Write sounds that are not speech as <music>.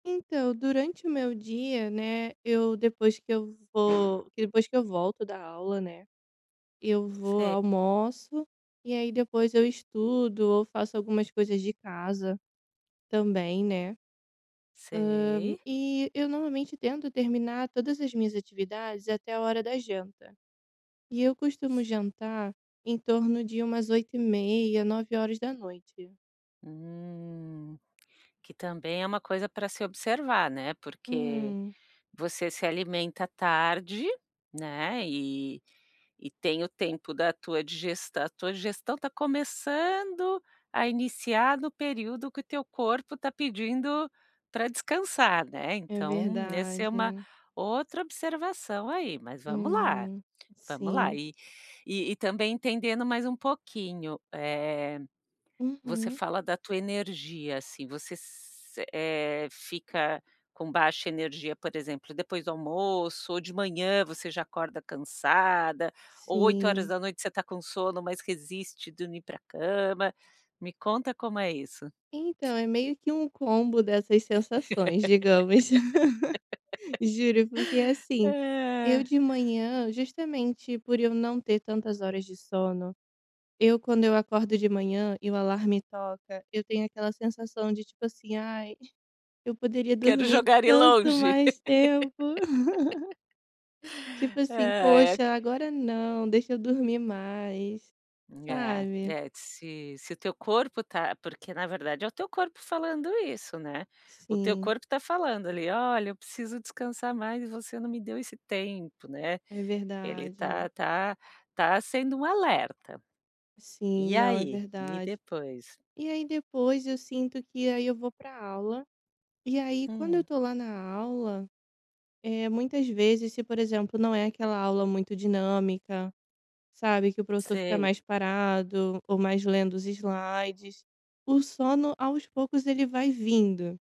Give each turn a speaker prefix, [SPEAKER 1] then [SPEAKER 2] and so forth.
[SPEAKER 1] Então, durante o meu dia, né, eu depois que eu vou, que depois que eu volto da aula, né, eu vou,
[SPEAKER 2] Sei.
[SPEAKER 1] almoço, e aí depois, eu estudo ou faço algumas coisas de casa, também, né, hã,
[SPEAKER 2] Sei.
[SPEAKER 1] e eu normalmente, tento terminar todas as minhas atividades, até a hora da janta. E eu costumo jantar, em torno de umas 20:30h, 21h.
[SPEAKER 2] Hum. Que também, é uma coisa, pra se observar, né, porque,
[SPEAKER 1] Hum.
[SPEAKER 2] você se alimenta tarde, né, e e tem o tempo da tua digestão, a tua digestão está começando a iniciar no período que o teu corpo está pedindo pra descansar, né,
[SPEAKER 1] É
[SPEAKER 2] então, esse é uma
[SPEAKER 1] verdade.
[SPEAKER 2] outra observação aí, mas vamos lá,
[SPEAKER 1] Hum,
[SPEAKER 2] vamos lá
[SPEAKER 1] sim.
[SPEAKER 2] e e, também, entendendo mais um pouquinho, eh, você
[SPEAKER 1] Uhum.
[SPEAKER 2] fala da tua energia, assim, você s eh, fica com baixa energia, por exemplo, depois do almoço, ou de manhã, você já acorda cansada, ou oito horas
[SPEAKER 1] Sim.
[SPEAKER 2] da noite você está com sono, mas resiste dormir pra cama, me conta, como é isso.
[SPEAKER 1] Então, é meio que um combo, dessas sensações, digamos. <chuckles> Juro porque, assim, eu de
[SPEAKER 2] <laughs>
[SPEAKER 1] manhã, justamente por eu não ter, tantas horas de sono, eu quando, eu acordo de manhã, e o alarme toca, eu tenho aquela sensação, de tipo, assim, "Ai, eu poderia
[SPEAKER 2] Quero
[SPEAKER 1] dormir,
[SPEAKER 2] jogar ele
[SPEAKER 1] tanto
[SPEAKER 2] longe.
[SPEAKER 1] mais tempo." <chuckles> Tipo,
[SPEAKER 2] <laughs>
[SPEAKER 1] assim,
[SPEAKER 2] Ai.
[SPEAKER 1] "Poxa, agora não, deixa eu dormir mais,"
[SPEAKER 2] É,
[SPEAKER 1] sabe?
[SPEAKER 2] é se se o teu corpo está porque, na verdade é o teu corpo, falando isso, né, o teu
[SPEAKER 1] Sim.
[SPEAKER 2] corpo está falando ali, "Olha, eu preciso descansar mais, e você não me deu esse tempo," né,
[SPEAKER 1] É
[SPEAKER 2] ele está
[SPEAKER 1] verdade.
[SPEAKER 2] está está sendo um alerta.
[SPEAKER 1] Sim,
[SPEAKER 2] E
[SPEAKER 1] não, é
[SPEAKER 2] aí, e
[SPEAKER 1] verdade.
[SPEAKER 2] depois?
[SPEAKER 1] E aí depois, eu sinto, que aí eu vou pra aula, e aí, quando eu
[SPEAKER 2] Hum.
[SPEAKER 1] estou lá na aula, eh, muitas vezes, se por exemplo, não é aquela aula muito dinâmica, sabe, que o professor, fica
[SPEAKER 2] Sei.
[SPEAKER 1] mais parado, ou mais lendo os slides, o sono aos poucos ele vai vindo.